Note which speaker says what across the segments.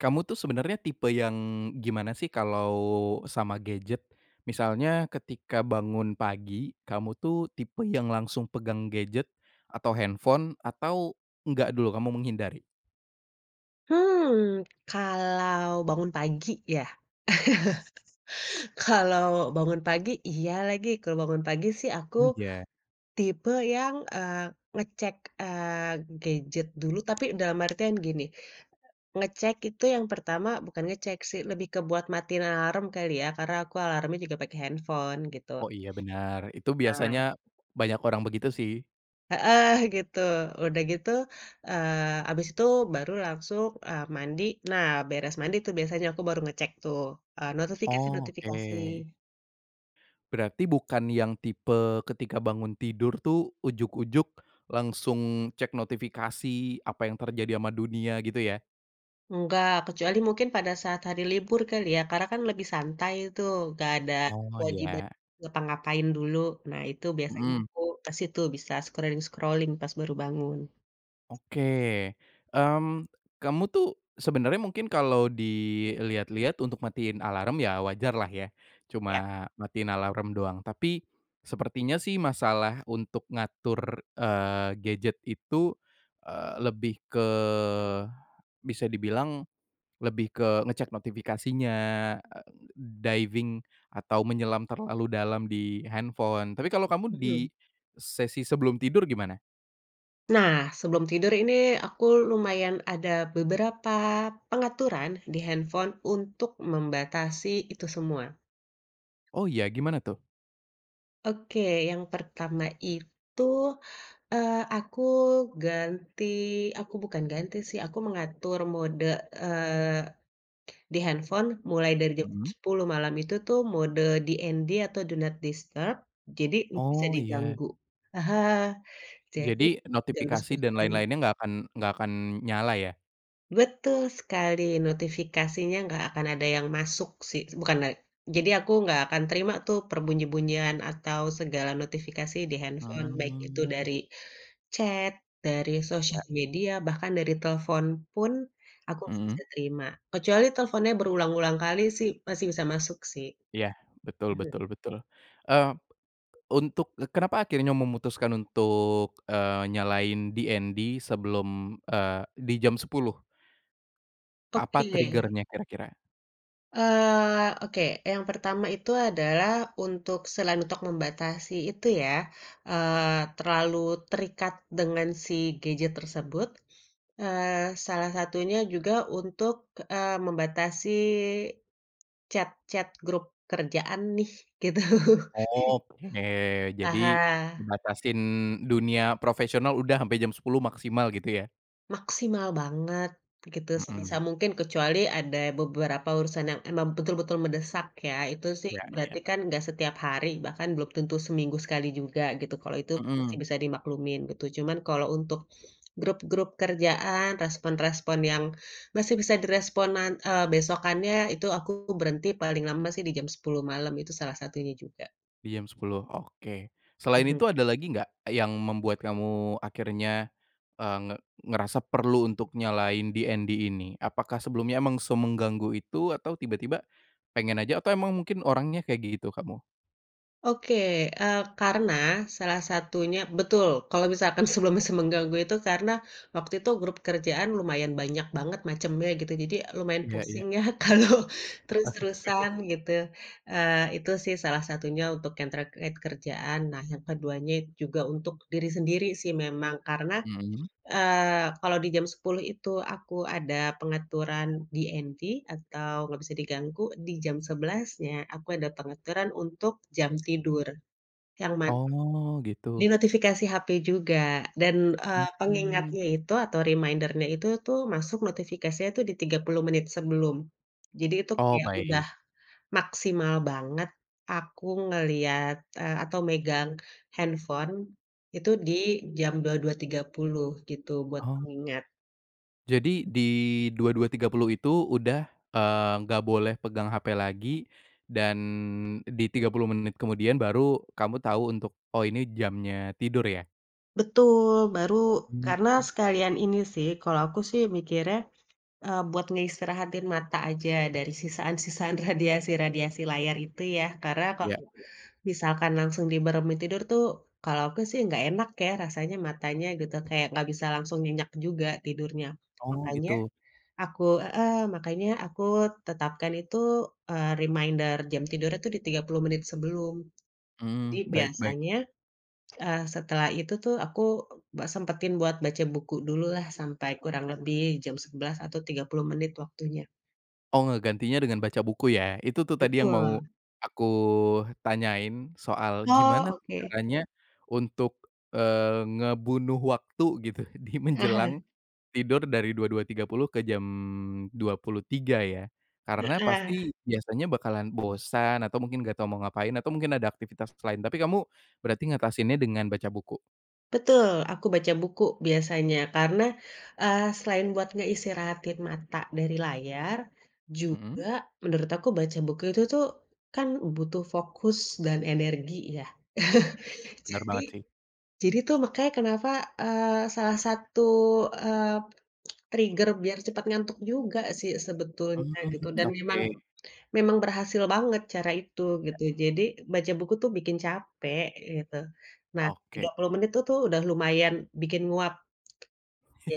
Speaker 1: Kamu tuh sebenarnya tipe yang, gimana sih kalau sama gadget? Misalnya ketika bangun pagi, kamu tuh tipe yang langsung pegang gadget atau handphone atau enggak dulu kamu menghindari?
Speaker 2: Hmm, kalau bangun pagi ya? Kalau bangun pagi, iya lagi. Kalau bangun pagi sih aku,
Speaker 1: Oh, iya.
Speaker 2: tipe yang, eee, ngecek, eee, gadget dulu, tapi dalam artian gini, ngecek itu yang pertama bukan ngecek sih lebih ke buat matiin alarm kali ya karena aku alarmnya juga pakai handphone, gitu.
Speaker 1: Oh, iya, bener. Itu biasanya
Speaker 2: Nah
Speaker 1: banyak orang begitu sih.
Speaker 2: Heeh, gitu. Udah gitu, eee, abis itu baru langsung, eee, mandi. Nah, beres mandi tuh biasanya aku baru ngecek tuh, eee,
Speaker 1: Oh,
Speaker 2: notifikasi-notifikasi.
Speaker 1: oke. Berarti bukan yang tipe ketika bangun tidur tuh ujug-ujug langsung cek notifikasi? Apa yang terjadi ama dunia, gitu ya?
Speaker 2: Enggak, kecuali mungkin pada saat hari libur kali ya, karena kan lebih santai tuh, gak ada
Speaker 1: Oh,
Speaker 2: kewajiban
Speaker 1: iya.
Speaker 2: ngapa-ngapain dulu. Nah itu biasanya
Speaker 1: Mhm.
Speaker 2: aku ke situ, bisa scrolling-scrolling pas baru bangun.
Speaker 1: Oke, mmm, kamu tuh sebenarnya mungkin kalau dilihat-lihat untuk matiin alarm ya wajarlah ya,
Speaker 2: Iya.
Speaker 1: cuma matiin alarm doang. Tapi, sepertinya sih masalah untuk ngatur, eee, gadget itu, eee, lebih ke bisa dibilang lebih ke ngecek notifikasinya, a diving atau menyelam terlalu dalam di handphone, tapi kalau kamu di
Speaker 2: Mhm.
Speaker 1: sesi sebelum tidur, gimana?
Speaker 2: Nah, sebelum tidur ini aku lumayan ada beberapa pengaturan di handphone untuk membatasi itu semua.
Speaker 1: Oh, iya, gimana tuh?
Speaker 2: Oke, yang pertama itu, eee, aku ganti aku bukan ganti sih, aku mengatur mode, eee, di handphone mulai dari jam
Speaker 1: Mmm.
Speaker 2: 10 malam itu tuh mode DND atau do not disturb jadi gak bisa
Speaker 1: Oh, iya.
Speaker 2: diganggu. Aha, jadi
Speaker 1: Jadi,
Speaker 2: ganggu
Speaker 1: notifikasi dan
Speaker 2: sekali-sekali.
Speaker 1: lain-lainnya nggak akan nggak akan nyala ya?
Speaker 2: Betul sekali. Notifikasinya nggak akan ada yang masuk sih, bukan la jadi aku nggak akan terima tuh perbunyi-bunyian atau segala notifikasi di handphone, baik itu
Speaker 1: Hmm.
Speaker 2: dari chat, dari
Speaker 1: Iya.
Speaker 2: sosial media, bahkan dari telfon pun aku gak bisa
Speaker 1: Mmm.
Speaker 2: terima, kecuali telfonnya berulang-ulang kali sih, masih bisa masuk sih.
Speaker 1: Iya, betul
Speaker 2: Mhm.
Speaker 1: betul betul. Eee, untuk, kenapa akhirnya memutuskan untuk, eee, nyalain DND sebelum, eee, di jam 10? Apa
Speaker 2: Oke.
Speaker 1: trigger-nya kira-kira?
Speaker 2: Eee, oke, yang pertama itu adalah untuk selain untuk membatasi itu ya, eee, terlalu terikat dengan si gadget tersebut, eee, salah satunya juga untuk, eee, membatasi chat-chat grup kerjaan nih, gitu.
Speaker 1: Oke, jadi
Speaker 2: Aha.
Speaker 1: membatasin dunia profesional udah ampe jam 10 maksimal gitu ya?
Speaker 2: Maksimal banget gitu.
Speaker 1: Mhm.
Speaker 2: Sebisa mungkin kecuali ada beberapa urusan yang emang betul-betul mendesak ya. Itu sih
Speaker 1: Iya, iya.
Speaker 2: berarti kan enggak setiap hari, bahkan belum tentu seminggu sekali juga, gitu. Kalo itu aku masih
Speaker 1: Mhm.
Speaker 2: bisa dimaklumin gitu. Cuman kalo untuk grup-grup kerjaan, respon-respon yang masih bisa direspon nan eee, besokannya, itu aku berhenti paling lama sih di jam 10 malam. Itu salah satunya juga.
Speaker 1: Di jam 10, oke. Selain itu
Speaker 2: Mhm.
Speaker 1: ada lagi nggak? Yang membuat kamu akhirnya, eee, nge ngerasa perlu untuk nyalain DND ini? Apakah sebelumnya emang semengganggu itu? Atau tiba-tiba pengen aja? Atau emang mungkin orangnya kayak gitu kamu?
Speaker 2: Oke, eee, karena salah satunya betul, kalo misalkan sebelum se mengganggu itu karena waktu itu grup kerjaan lumayan banyak banget macemnya gitu, jadi lumayan
Speaker 1: Iya, iya.
Speaker 2: pusing ya kalau
Speaker 1: Heeh.
Speaker 2: terus-terusan gitu. Eee, itu sih salah satunya untuk yang terkait kerjaan, nah yang keduanya juga untuk diri sendiri sih memang, karena,
Speaker 1: Mhm.
Speaker 2: eee, kalau di jam 10 itu aku ada pengaturan DND atau gak bisa diganggu, di jam 11-nya aku ada pengaturan untuk jam tidur. Yang mana
Speaker 1: Oh,
Speaker 2: di
Speaker 1: gitu.
Speaker 2: notifikasi HP juga dan, eee,
Speaker 1: Mmm.
Speaker 2: pengingatnya itu atau reminder-nya itu tuh, masuk notifikasinya tuh di 30 menit sebelum. Jadi itu
Speaker 1: Oh,
Speaker 2: kayak
Speaker 1: baik.
Speaker 2: udah maksimal banget, aku ngelihat, eee, atau megang handphone itu di jam 22.30 gitu buat
Speaker 1: Oh.
Speaker 2: pengingat.
Speaker 1: Jadi di 22.30 itu udah, eee, nggak boleh pegang HP lagi, dan di 30 menit kemudian baru kamu tau untuk, oh, ini jamnya tidur ya?
Speaker 2: Betul, baru, karena
Speaker 1: Hmm.
Speaker 2: sekalian ini sih, kalo aku sih mikirnya, eee, buat ngeistirahatin mata aja dari sisaan-sisaan radiasi-radiasi layar itu ya, karena
Speaker 1: Iya
Speaker 2: kalo
Speaker 1: iya.
Speaker 2: misalkan langsung dimeremin tidur tuh, kalau aku sih nggak enak ya rasanya matanya gitu, kayak nggak bisa langsung nyenyak juga tidurnya.
Speaker 1: Oh,
Speaker 2: Makanya
Speaker 1: gitu.
Speaker 2: aku heeh, makanya aku tetapkan itu, eee, reminder jam tidurnya tuh di 30 menit sebelum. Jadi
Speaker 1: Mhm, baik baik.
Speaker 2: biasanya, eee, setelah itu tuh aku buat sempetin buat baca buku dululah, sampai kurang lebih jam 11 atau 30 menit waktunya.
Speaker 1: Oh, ngegantinya dengan baca buku ya? Itu tuh tadi yang mau
Speaker 2: Betul.
Speaker 1: aku tanyain, soal gimana
Speaker 2: Oh,
Speaker 1: tuh
Speaker 2: oke.
Speaker 1: caranya untuk, eee, ngebunuh waktu gitu di
Speaker 2: Aha.
Speaker 1: menjelang tidur dari 22.30 ke jam 23.00 ya. Karena
Speaker 2: Heeh.
Speaker 1: pasti biasanya bakalan bosan, atau mungkin nggak tahu mau ngapain, atau mungkin ada aktivitas lain, tapi kamu berarti ngatasinnya dengan baca buku?
Speaker 2: Betul, aku baca buku biasanya karena, eee, selain buat ngeistirahatin mata dari layar, juga
Speaker 1: Mhm.
Speaker 2: menurut aku baca buku itu tuh kan butuh fokus dan energi ya?
Speaker 1: Bener
Speaker 2: Jadi
Speaker 1: banget sih.
Speaker 2: jadi tuh makanya kenapa, eee, salah satu, eee, trigger biar cepet ngantuk juga sih sebetulnya gitu
Speaker 1: Mmm,
Speaker 2: dan memang
Speaker 1: oke.
Speaker 2: memang berhasil banget cara itu,
Speaker 1: Ya.
Speaker 2: gitu. Jadi baca buku tuh bikin capek gitu. Nah, tiga
Speaker 1: Oke.
Speaker 2: puluh menit tuh tuh udah lumayan bikin nguap.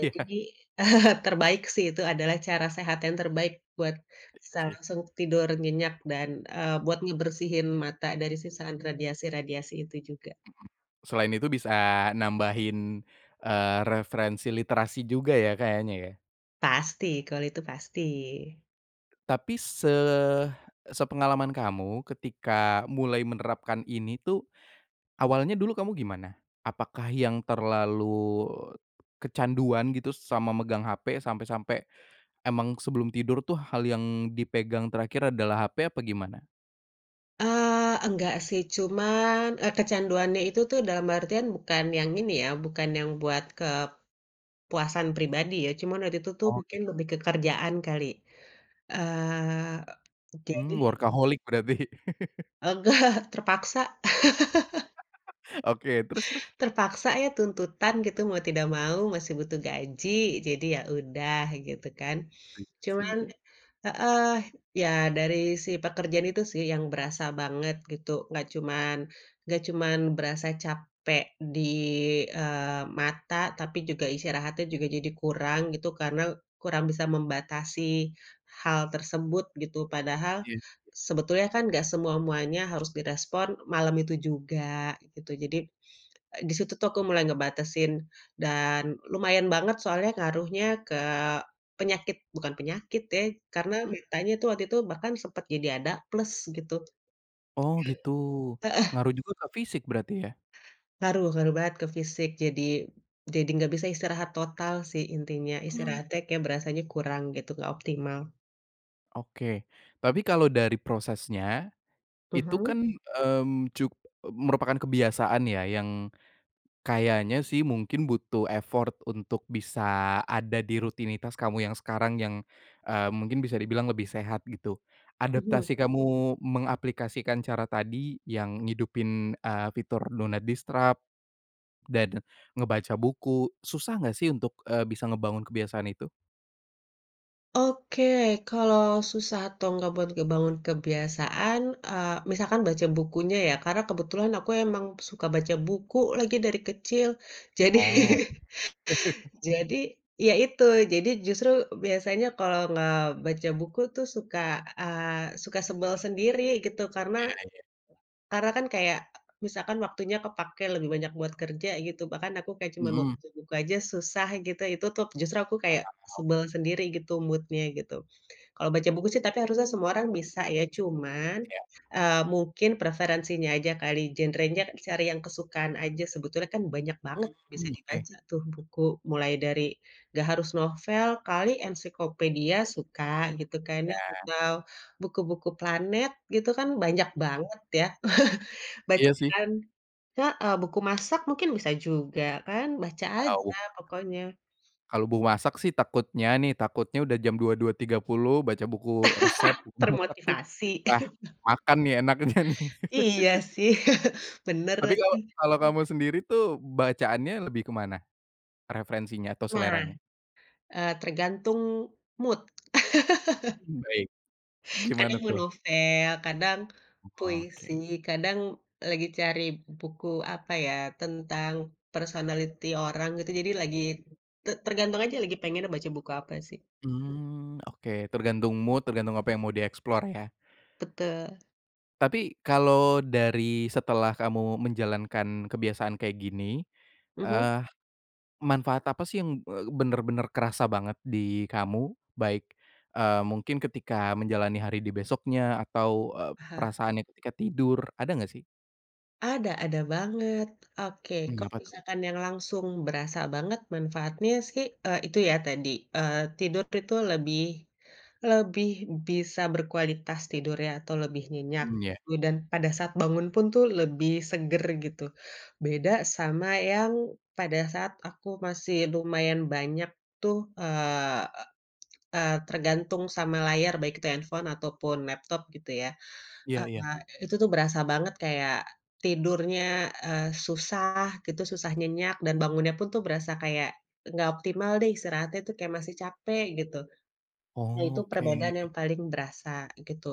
Speaker 1: Iya.
Speaker 2: terbaik sih itu adalah cara sehat yang terbaik buat
Speaker 1: Iya
Speaker 2: secara
Speaker 1: sih.
Speaker 2: langsung tidur nyenyak dan, eee, buat ngebersihin mata dari sisaan radiasi-radiasi itu juga.
Speaker 1: Mhm. Selain itu bisa nambahin, eee, referensi literasi juga ya kayaknya ya?
Speaker 2: Pasti, kalau itu pasti.
Speaker 1: Tapi se sepengalaman kamu ketika mulai menerapkan ini tuh, awalnya dulu kamu gimana? Apakah yang terlalu kecanduan gitu s sama megang HP sampe-sampe emang sebelum tidur tuh hal yang dipegang terakhir adalah HP? Apa gimana?
Speaker 2: Eee, enggak sih cuman e kecanduannya itu tuh dalam artian bukan yang ini ya bukan yang buat kepuasan pribadi ya. Cuman waktu itu tuh
Speaker 1: Oh,
Speaker 2: mungkin
Speaker 1: gitu.
Speaker 2: lebih ke kerjaan kali, eee, a jadi
Speaker 1: Mmm, workaholic berarti.
Speaker 2: Enggak, terpaksa.
Speaker 1: Oke, terus terus?
Speaker 2: Terpaksa ya tuntutan gitu, mau tidak mau masih butuh gaji jadi ya udah, gitu kan.
Speaker 1: Iya
Speaker 2: Cuman
Speaker 1: sih.
Speaker 2: heeh, ya dari si pekerjaan itu sih yang berasa banget gitu. Enggak cuman enggak cuman berasa capek di, eee, mata, tapi juga istirahatnya juga jadi kurang gitu, karena kurang bisa membatasi hal tersebut gitu. Padahal
Speaker 1: Iya.
Speaker 2: sebetulnya kan gak semua-muanya harus direspon malam itu juga, gitu. Jadi, di situ tuh aku mulai ngebatasin dan lumayan banget soalnya ngaruhnya ke penyakit bukan penyakit ya, karena
Speaker 1: Mhm.
Speaker 2: matanya itu waktu itu bahkan sempet jadi ada plus, gitu.
Speaker 1: Oh, gitu.
Speaker 2: heeh.
Speaker 1: Ngaruh juga ke fisik berarti ya?
Speaker 2: Ngaruh ngaruh banget ke fisik, jadi jadi nggak bisa istirahat total sih intinya.
Speaker 1: Hmm.
Speaker 2: Istirahatnya kek berasanya kurang gitu, gak optimal.
Speaker 1: Oke. Tapi kalau dari prosesnya, itu kan,
Speaker 2: Mhm.
Speaker 1: mmm, cu e merupakan kebiasaan ya, yang kayaknya sih mungkin butuh effort untuk bisa ada di rutinitas kamu yang sekarang yang, eee, mungkin bisa dibilang lebih sehat gitu. Adaptasi
Speaker 2: Mhm.
Speaker 1: kamu mengaplikasikan cara tadi yang ngidupin, eee, fitur do not disturb dan ngebaca buku, susah enggak sih untuk, eee, bisa ngebangun kebiasaan itu?
Speaker 2: Oke, kalau susah atau nggak buat ngebangun kebiasaan, eee, misalkan baca bukunya ya, karena kebetulan aku emang suka baca buku lagi dari kecil. Jadi,
Speaker 1: Oh.
Speaker 2: jadi ya itu, jadi justru biasanya kalau nggak baca buku tuh suka, eee, suka sebel sendiri gitu. Karena
Speaker 1: Iya iya.
Speaker 2: karena kan kayak misalkan waktunya kepake lebih banyak buat kerja gitu, bahkan aku kayak cuman mau
Speaker 1: Mhm.
Speaker 2: baca buku aja susah gitu, itu tuh justru aku kayak
Speaker 1: Mana mau.
Speaker 2: sebel sendiri gitu mood-nya gitu. Kalau baca buku sih tapi harusnya semua orang bisa ya, cuman,
Speaker 1: Siap.
Speaker 2: eee, mungkin preferensinya aja kali, genrenya cari yang kesukaan aja, sebetulnya kan banyak banget bisa
Speaker 1: Hmm, oke.
Speaker 2: dibaca tuh buku mulai dari, nggak harus novel, kali ensiklopedia suka gitu, kayaknya
Speaker 1: Ya.
Speaker 2: atau buku-buku planet gitu kan banyak banget ya.
Speaker 1: Iya sih.
Speaker 2: Bacaan heeh, buku masak mungkin bisa juga kan. Baca aja
Speaker 1: [unintelligible]
Speaker 2: pokoknya.
Speaker 1: Kalau mau masak sih takutnya nih, takutnya udah jam 22.30 baca buku resep, [unintelligible]
Speaker 2: Termotivasi.
Speaker 1: ah, makan nih, enaknya nih.
Speaker 2: Iya sih, bener
Speaker 1: Tapi
Speaker 2: lagi.
Speaker 1: kalau kalau kamu sendiri tuh bacaannya lebih ke mana? Referensinya atau
Speaker 2: Nah,
Speaker 1: seleranya?
Speaker 2: eee, tergantung mood.
Speaker 1: Hmm, baik. Gimana
Speaker 2: Kadang mau
Speaker 1: tuh?
Speaker 2: novel, kadang puisi,
Speaker 1: Oke.
Speaker 2: kadang lagi cari buku apa ya? Tentang personality orang, gitu. Jadi lagi, te tergantung aja lagi pengennya baca buku apa sih.
Speaker 1: Mmm, oke. Tergantung mood, tergantung apa yang mau dieksplor ya?
Speaker 2: Betul.
Speaker 1: Tapi kalau dari setelah kamu menjalankan kebiasaan kayak gini,
Speaker 2: Mhm.
Speaker 1: eee, manfaat apa sih yang e bener-bener kerasa banget di kamu? Baik, eee, mungkin ketika menjalani hari di besoknya? Atau e
Speaker 2: Aha.
Speaker 1: perasaannya ketika tidur? Ada nggak sih?
Speaker 2: Ada ada banget. Oke,
Speaker 1: Mmm,
Speaker 2: kalau
Speaker 1: apa tuh?
Speaker 2: misalkan yang langsung berasa banget manfaatnya sih, eee, itu ya tadi, eee, tidur itu lebih lebih bisa berkualitas tidur ya atau lebih nyenyak
Speaker 1: Mmm, ya.
Speaker 2: gitu. Dan pada saat bangun pun tuh lebih seger gitu. Beda sama yang pada saat aku masih lumayan banyak tuh, eee eee, tergantung sama layar baik itu handphone ataupun laptop gitu ya.
Speaker 1: Iya iya.
Speaker 2: Eee, itu tuh berasa banget kayak tidurnya, eee, susah gitu, susah nyenyak dan bangunnya pun tuh berasa kayak enggak optimal deh istirahatnya tuh kayak masih capek gitu. Nah, itu
Speaker 1: Oke.
Speaker 2: perbedaan yang paling berasa gitu.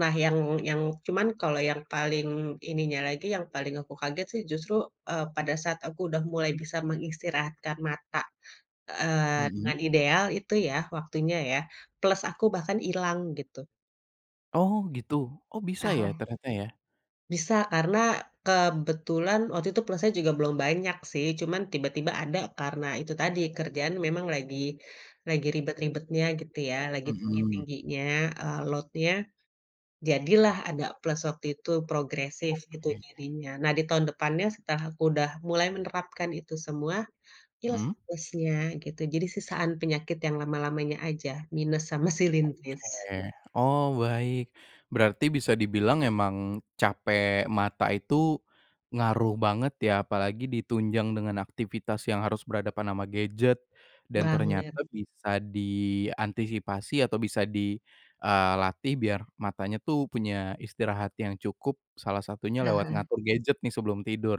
Speaker 2: Nah, yang yang cuman kalau yang paling ininya lagi, yang paling aku kaget sih justru, eee, pada saat aku udah mulai bisa mengistirahat kan mata, eee,
Speaker 1: Mhm.
Speaker 2: dengan ideal itu ya waktunya ya, plus aku bahkan hilang gitu.
Speaker 1: Oh, gitu? Oh,
Speaker 2: Ah
Speaker 1: bisa ya,
Speaker 2: hah.
Speaker 1: ternyata ya?
Speaker 2: Bisa karena kebetulan waktu itu plusnya juga belum banyak sih, cuman tiba-tiba ada karena itu tadi kerjaan memang lagi lagi ribet-ribetnya gitu ya, lagi
Speaker 1: Mhm.
Speaker 2: tinggi-tingginya, eee, load-nya, jadilah ada plus waktu itu progresif itu
Speaker 1: Oke.
Speaker 2: jadinya. Nah, di tahun depannya setelah aku udah mulai menerapkan itu semua, ilang sih
Speaker 1: Mmm?
Speaker 2: plusnya gitu, jadi sisaan penyakit yang lama-lamanya aja, minus sama silindris.
Speaker 1: Oke. Oh, baik. Berarti bisa dibilang emang capek mata itu ngaruh banget ya? Apalagi di tunjang dengan aktivitas yang harus berhadapan ama gadget dan
Speaker 2: Banget.
Speaker 1: ternyata bisa diantisipasi atau bisa di, eee, latih biar matanya tuh punya istirahat yang cukup, salah satunya lewat
Speaker 2: Heeh.
Speaker 1: ngatur gadget nih sebelum tidur.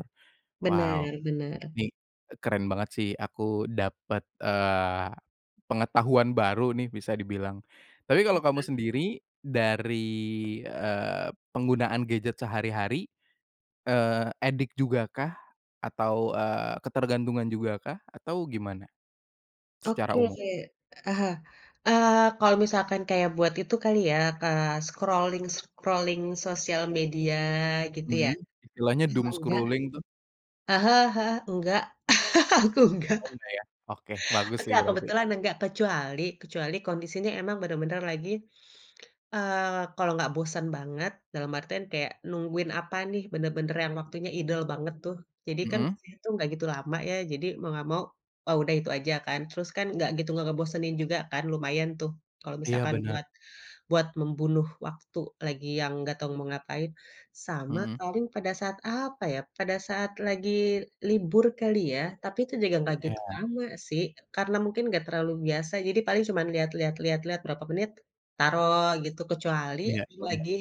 Speaker 1: Wow,
Speaker 2: Bener bener.
Speaker 1: nih, eee, keren banget sih aku dapat, eee, pengetahuan baru nih bisa dibilang. Tapi kalau kamu
Speaker 2: Oke.
Speaker 1: sendiri dari, eee, penggunaan gadget sehari-hari, eee addict juga kah? Atau, eee, ketergantungan juga kah? Atau gimana secara
Speaker 2: Oke.
Speaker 1: umum?
Speaker 2: Ah hah, eee, kalau misalkan kayak buat itu kali ya, eee, scrolling-scrolling sosial media gitu ya?
Speaker 1: Mmm, istilahnya
Speaker 2: Eee,
Speaker 1: doom
Speaker 2: enggak
Speaker 1: scrolling tuh.
Speaker 2: ah hah ah hah, enggak. Aku enggak.
Speaker 1: Oh, enggak ya? Oke, bagus sih
Speaker 2: Enggak,
Speaker 1: berarti.
Speaker 2: kebetulan enggak kecuali kecuali kondisinya emang bener-bener lagi, eee, kalau nggak bosen banget dalam artian kayak nungguin apa nih, benar-benar yang waktunya idle banget tuh, jadi kan
Speaker 1: Mhm.
Speaker 2: itu enggak gitu lama ya, jadi mau enggak mau, oh, udah itu aja kan, terus kan enggak gitu enggak ngebosenin juga kan, lumayan tuh kalau
Speaker 1: Iya,
Speaker 2: misalkan buat
Speaker 1: bener.
Speaker 2: buat membunuh waktu lagi yang enggak tahu mau ngapain. Sama
Speaker 1: Mhm.
Speaker 2: paling pada saat apa ya? Pada saat lagi libur kali ya, tapi itu juga enggak gitu
Speaker 1: Iya.
Speaker 2: lama sih. Karena mungkin enggak terlalu biasa jadi paling cuman lihat lihat lihat lihat berapa menit taruh gitu, kecuali
Speaker 1: Iya
Speaker 2: aku
Speaker 1: iya iya.
Speaker 2: lagi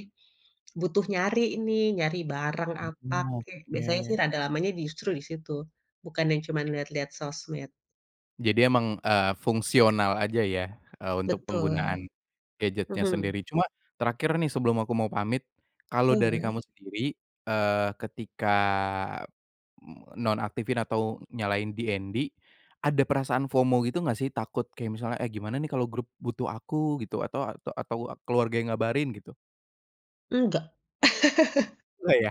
Speaker 2: butuh nyari ini, nyari barang apa
Speaker 1: Mmm,
Speaker 2: kek, biasanya sih
Speaker 1: oke.
Speaker 2: rada lamanya di justru di situ, bukan yang cuman lihat-lihat sosmed.
Speaker 1: Jadi emang, eee, fungsional aja ya, eee, untuk penggunaan
Speaker 2: Betul.
Speaker 1: gadget-nya
Speaker 2: Mhm.
Speaker 1: sendiri cuma terakhir nih sebelum aku mau pamit kalau dari kamu
Speaker 2: Boleh.
Speaker 1: sendiri eee, ketika m nonaktifin atau nyalain DND ada perasaan FOMO gitu enggak sih takut kayak misalnya, eh gimana nih kalau grup butuh aku gitu atau ata atau keluarga yang ngabarin gitu?
Speaker 2: Enggak.
Speaker 1: Nggak ya?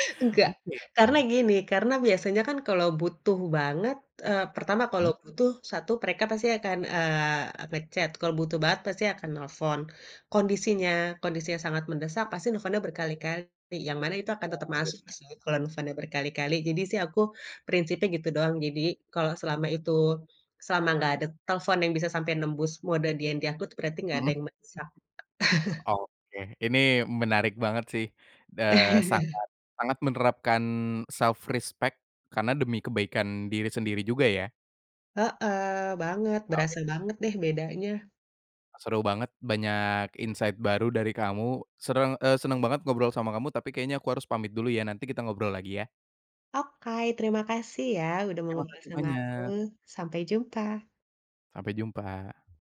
Speaker 2: Enggak.
Speaker 1: Oke
Speaker 2: Karena
Speaker 1: oke.
Speaker 2: gini, karena biasanya kan kalau butuh banget, eee, pertama kalau
Speaker 1: Hmm.
Speaker 2: butuh, 1 mereka pasti akan eee, nge-chat kalau butuh banget pasti akan nelfon, kondisinya kondisinya sangat mendesak pasti nelpon berkali-kali yang mana itu akan
Speaker 1: Oh
Speaker 2: tetap
Speaker 1: iya
Speaker 2: masuk
Speaker 1: bener.
Speaker 2: sih kalau misalnya berkali-kali, jadi sih aku prinsipnya gitu doang, jadi kalau selama itu selama gak ada telpon yang bisa sampai nembus mode DND aku tu berarti gak ada
Speaker 1: Heeh.
Speaker 2: yang mendesak.
Speaker 1: Oke, ini menarik banget sih, eee, sangat sangat menerapkan self-respect karena demi kebaikan diri sendiri juga ya.
Speaker 2: Heeh banget,
Speaker 1: [unintelligible]
Speaker 2: berasa banget deh bedanya.
Speaker 1: Seru banget, banyak insight baru dari kamu sereng eee, senang banget ngobrol sama kamu tapi kayaknya aku harus pamit dulu ya, nanti kita ngobrol lagi ya.
Speaker 2: Okay, terima kasih ya udah mau
Speaker 1: Terima
Speaker 2: ngobrol
Speaker 1: kasih
Speaker 2: sama aku,
Speaker 1: banyak.
Speaker 2: sampai jumpa.
Speaker 1: Sampai jumpa.